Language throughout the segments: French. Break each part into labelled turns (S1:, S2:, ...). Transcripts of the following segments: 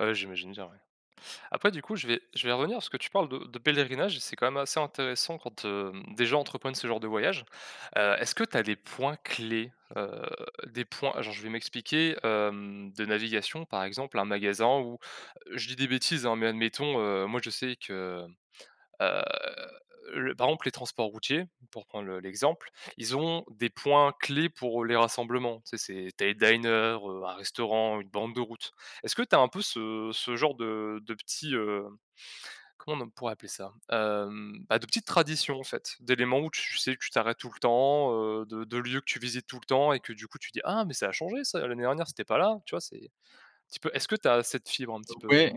S1: Ah, ouais, j'imagine bien, ouais. Après, du coup, je vais je vais revenir parce que tu parles de de pèlerinage, c'est, quand même, assez intéressant quand, hem, des gens entreprennent ce genre de voyage. Heu, est-ce que tu as les points-clés? Heu, des points alors je vais m'expliquer, hem, de navigation, par exemple, un magasin ou- je dis des bêtises, hein- mais admettons, heu, moi, je sais que, heu heu, le par exemple, les transports routiers, pour prendre le l'exemple, ils ont des points-clés pour, heu, les rassemblements. Tu sais, c'est tu as les diners heu, un restaurant, une borne de route. Est-ce que tu as un peu ce ce genre de de petits, heu, comment n on pourrait appeler ça? Hem, bah, de petites traditions, en fait, d'éléments où tu sais que tu t'arrêtes tout le temps, heu, de de lieux que tu visites tout le temps et que, du coup, tu te dis: «Ah mais ça a changé ça. L'année dernière, c'était pas là», tu vois? C'est un petit peu est-ce que tu as cette fibre,
S2: Ah,
S1: un
S2: heu,
S1: petit peu, heu?
S2: ouais.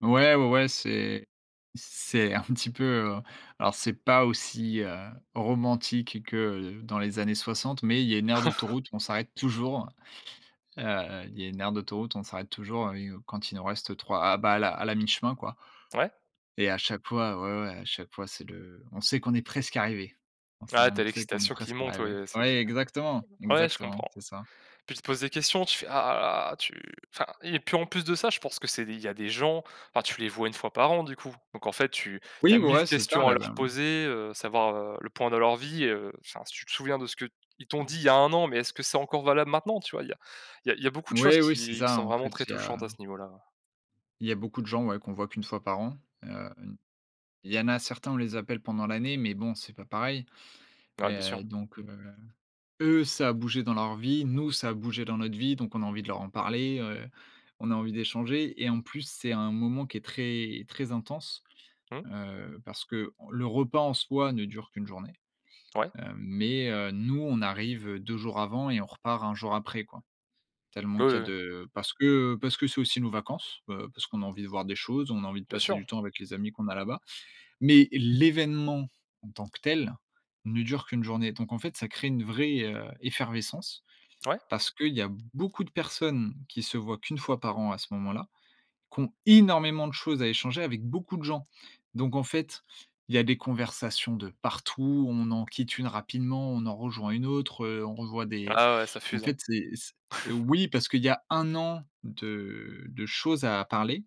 S2: Ouais, ouais, ouais, c'est c'est un petit peu, heu, alors c'est pas aussi, heu, romantique que, heu, dans les années 60, mais il y a une aire d'autoroute où on s'arrête toujours. Heu, il y a une aire d'autoroute, on s'arrête toujours, heu et quand il nous reste 3 ah, bah à la la mi-chemin, quoi
S1: Ouais.
S2: et à chaque fois, ouais, ouais, à chaque fois, c'est le on sait qu'on est presque arrivés. On sait
S1: Ah, tu as
S2: on sait qu'on est
S1: l'excitation qui
S2: presque
S1: monte.
S2: arrivés.
S1: Ouais, c'est,
S2: Ouais,
S1: heu
S2: exactement,
S1: ouais, je
S2: exactement,
S1: comprends.
S2: c'est ça.
S1: Puis tu te poses des questions, tu fais: «ah, ah» tu enfin et puis, en plus de ça, je pense que c'est des il y a des gens, enfin tu les vois 1 fois par an, du coup? Donc en fait, tu tu
S2: Oui,
S1: as
S2: ouais,
S1: 1 000
S2: ouais, c'est tard,
S1: questions à
S2: là-bas,
S1: leur
S2: mmh.
S1: poser, heu, savoir, heu, le point dans leur vie, heu, enfin, si tu te souviens de ce que ils t'ont
S2: Mmh
S1: dit,
S2: mh.
S1: il y a 1 an mais est-ce que c'est encore valable maintenant, tu vois? Il y a il y a il y a beaucoup de choses
S2: Oui, oui, c'est
S1: qui qui
S2: ça.
S1: sont
S2: En
S1: vraiment
S2: fait,
S1: très
S2: il y
S1: touchantes
S2: a
S1: à ce niveau-là, ouais.
S2: il y a beaucoup de gens, ouais, qu'on voit qu'1 fois par an. Hem, il y en a certains, on les appelle pendant l'année mais bon, c'est pas pareil et
S1: Ouais, bien
S2: heu
S1: sûr.
S2: donc heu, eux, ça a bougé dans leur vie. Nous, ça a bougé dans notre vie donc on a envie de leur en parler. Heu, on a envie d'échanger et en plus, c'est un moment qui est très, très intense,
S1: Mmh.
S2: heu, parce que le repas en soi ne dure qu'1 journée.
S1: Ouais.
S2: Hem mais heu, nous, on arrive, heu, 2 jours avant et on repart 1 jour après, quoi, tellement
S1: Oui,
S2: qu'il y
S1: oui,
S2: a
S1: oui.
S2: de parce que, heu, parce que c'est aussi nos vacances. Heu, parce qu'on a envie de voir des choses. On a envie de
S1: Bien
S2: passer
S1: sûr.
S2: du temps avec les amis qu'on a là-bas. Mais l'événement, en tant que tel, ne dure qu'1 journée. Donc en fait, ça crée une vraie, heu, effervescence
S1: Ouais.
S2: parce qu'il y a beaucoup de personnes qui se voient qu'1 fois par an, à ce moment-là, qui ont énormément de choses à échanger avec beaucoup de gens. Donc en fait, il y a des conversations de partout. On en quitte une rapidement, on en rejoint une autre, heu, on revoit des
S1: Ah, ouais, ouais, ça
S2: en
S1: fuse, hein?
S2: fait, c'est c'est oui, parce qu'il y a 1 an de de choses à parler.